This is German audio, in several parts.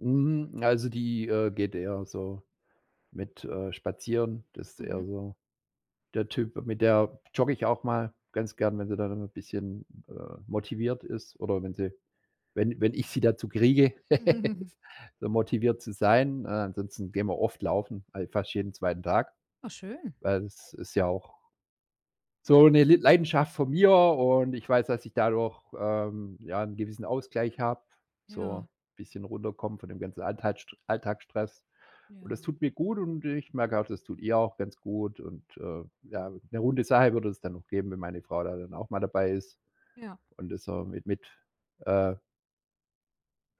Hm, also, die, äh, geht eher so mit, äh, spazieren, das ist eher Mhm. so der Typ. Mit der jogge ich auch mal ganz gern, wenn sie dann 'n bisschen, äh, motiviert ist oder wenn sie wenn wenn ich sie dazu kriege, motiviert zu sein. Äh, ansonsten gehen wir oft laufen, fal fast jeden 2. Tag. Oh schön. Weil es ist ja auch so 'ne Li Leidenschaft von mir und ich weiß, dass ich dadurch, ähm, ja, 'n gewissen Ausgleich habe, Ja. so bisschen runterkommen von dem ganzen Alltagsst Alltagsstress und das Ja. tut mir gut und ich merke auch, das tut ihr auch ganz gut und, äh, ja 'ne runde Sache würde es dann noch geben, wenn meine Frau da dann auch mal dabei ist Ja. und das auch mit mit, äh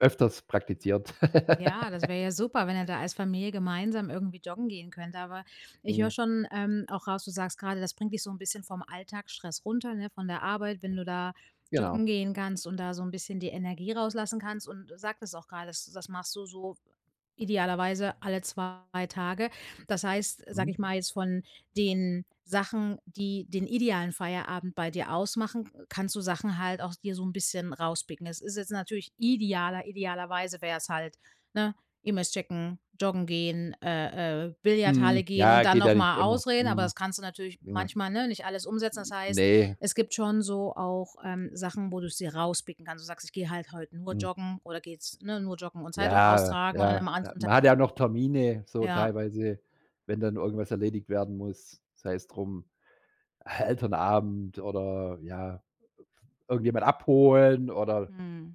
öfters praktiziert. Ja, das wäre ja super, wenn ihr da als Familie gemeinsam irgendwie joggen gehen könnt. Aber ich höre Mhm. schon, ähm, auch raus, du sagst gerade, das bringt dich so 'n bisschen vom Alltagsstress runter, ne, von der Arbeit, wenn du da joggen Genau. gehen kannst und da so 'n bisschen die Energie rauslassen kannst, und du sagtest auch gerade, das das machst du so idealerweise alle 2 Tage. Das heißt, sage Mhm. ich mal jetzt, von den Sachen, die den idealen Feierabend bei dir ausmachen, k kannst du Sachen halt auch dir so 'n bisschen rauspicken. Es ist jetzt natürlich idealer idealerweise wär's halt, ne, E-Mails checken, joggen gehen, äh, äh, Mhm, Billardhalle gehen und ja, dann geht ja noch nicht mal. immer. [unintelligible] Aber Mhm. das kannst du natürlich Ja. manchmal, ne, nicht alles umsetzen. Das Hm, heißt, ne. es gibt schon so auch, ähm, Sachen, wo du's dir rauspicken kannst. Du sagst: „Ich gehe halt heute nur Mhm. joggen oder gehe jetzt ne, nur joggen und Zeitung Ja, austragen und an ja, 'nem ja. anderen Man hat ja Tag“ auch noch Termine so Ja. teilweise, wenn dann irgendwas erledigt werden muss, sei es drum Elternabend oder ja, irgendjemand abholen oder Mhm.